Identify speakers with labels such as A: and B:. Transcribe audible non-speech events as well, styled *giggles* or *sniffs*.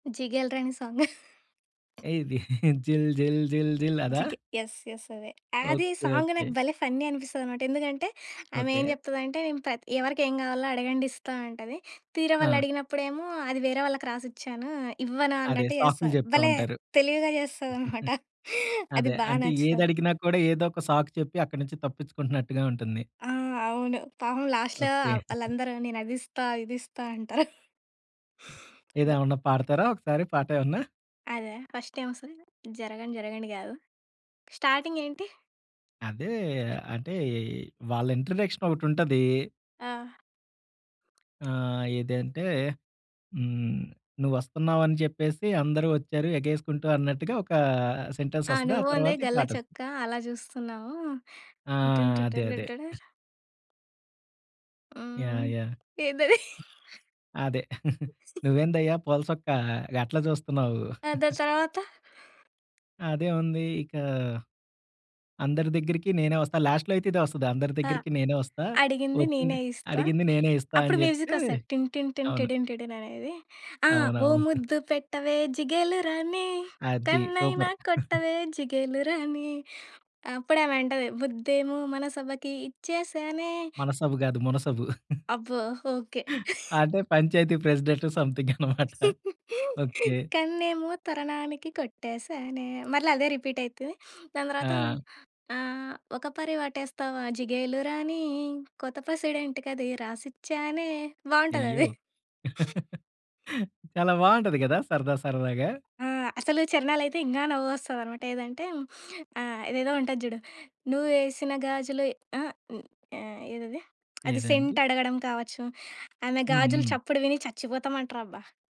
A: 'జిగేల్ రాణి' song. *giggles*
B: ఏది *giggles* జిల్ జిల్ జిల్ జిల్ అదా?
A: జిగే యస్. యస్. అదే. అస్ యే
B: ఓకే.
A: Song
B: okay.
A: నాకు భలే ఫన్నీ అనిపిస్తదనమాట. ఎందుకంటే ఆమె ఏం
B: ఓకే.
A: జెప్తదంటే, ప్ర ఎవరికేం కావాలో అడగండిస్తా అంటది. తీరా
B: ఆ!
A: వాళ్ళడిగినప్పుడు ఏమో! అది వేరే వాళ్ళకి రాసిచ్చాను. ఇవ్వను
B: అదే
A: అన్నట్టు
B: సాకులు
A: చేస్తా.
B: జెప్తా
A: భలే
B: ఉంటారు.
A: తెలివిగా జేస్తదన్నమాట!
B: *giggles*
A: *giggles* అది
B: అదే
A: బాగా
B: అంటే
A: నచ్చుతది.
B: ఏదడిగినా కూడా ఏదో ఒక సాకు చెప్పి అక్కడి నుంచి తప్పిచ్చుకుంటున్నట్టుగా ఉంటుంది.
A: ఆ! అవును పాపం లాస్ట్‌లో
B: ఓకే. *giggles*
A: వాళ్ళందరూ నేను అదిస్తా ఇదిస్తా అంటారు. *giggles*
B: ఏది?
A: గ
B: ఏమన్నా పాడతారా ఒకసారి పాట ఏమన్నా?
A: అదా ఫస్ట్ ఏమొస్తది? జరగండి జరగండి గాదు. స్టార్టింగ్ ఏంటి?
B: అదే. అంటే ఈ వాళ్ళ ఇంట్రడక్షన్ ఒకటుంటది.
A: ఆ!
B: ఆ! ఏదంటే హ్మ్. నువ్వు వస్తున్నావు అని చెప్పేసి, అందరూ వచ్చారు ఎగేసుకుంటూ అన్నట్టుగా, ఒకా సెంటెన్స్
A: ఆ!
B: వస్తది. ఆ
A: నువ్వు ఓంది
B: తర్వాత ఈ
A: గల్ల
B: పాట వస్తది.
A: చొక్కా అలా చూస్తున్నావు.
B: ఆ!
A: *humming* టీటీన్
B: అదే. అదే.
A: టీటీడడర్. హ్మ్.
B: యాహ్! యాహ్!
A: ఏందది? *giggles*
B: అదే. *giggles*
A: *giggles*
B: నువ్వేందయ్యా పూల చొక్కా గట్లా చూస్తున్నావు.
A: ఆ! దాని
B: *giggles*
A: తర్వాత?
B: అదే ఉంది. ఇకా అందరి దగ్గరికి నేనే వస్తా. లాస్ట్‌లో అయితే ఇదే వస్తది. అందరి
A: ఆ!
B: దగ్గరికి నేనే వస్తా.
A: అడిగింది
B: ఒపి
A: నేనే ఇస్తా.
B: అడిగింది నేనే ఇస్తా
A: అప్పుడు
B: అని జెప్పి
A: మ్యూజిక్ వస్తది. టిన్ టిన్ టిన్
B: అవును.
A: టిడిన్ టిడిన్ అనేది. ఆ! ఓ
B: అవునవును. *giggles*
A: ముద్దు పెట్టవే జిగేలురాణి
B: అద్ది.
A: కన్నైనా
B: సూపర్! *giggles*
A: కొట్టవే జిగేలురాణి. అప్పుడు ఆమె అంటది. ముద్దేమో మనసబకి ఇచ్చేసానే.
B: మనసబు గాదు మునసబు. *giggles*
A: అబ్బో! ఓకే! *giggles*
B: అంటే పంచాయతీ ప్రెసిడెంట్ సమ్‌థింగనమాట. *giggles*
A: *giggles*
B: ఓకే.
A: కన్నేమో కరణానికి కొట్టేసానే మళ్ళ అదే రిపీట్ అయితది. *sniffs* దాని తర్వాత
B: ఆ!
A: ఆహ్, ఒక పరి వాటేస్తావా జిగేలు రాణి, కొత్త పెసిడెంటుకది రాసిచ్చానే
B: అయ్యో!
A: బావుంటదది. *giggles*
B: *giggles* చాలా బావుంటది గదా! సరదా సరదాగా.
A: ఆ! అసలు చరణాలైతే ఇంగా నవ్వొస్తదనమాట. ఏదంటే ఆహ్, ఏదేదో ఉంటది జూడు నువ్వేసిన గాజులు ఆహ్, ఆహ్, ఏదది *smacks lips* అది
B: ఏదండి?
A: సెంట్ అడగడం కావచ్చు. ఆమె
B: హ్మ్.
A: గాజులు
B: హ్మ్.
A: చప్పుడు విని చచ్చిపోతామంటారబ్బా!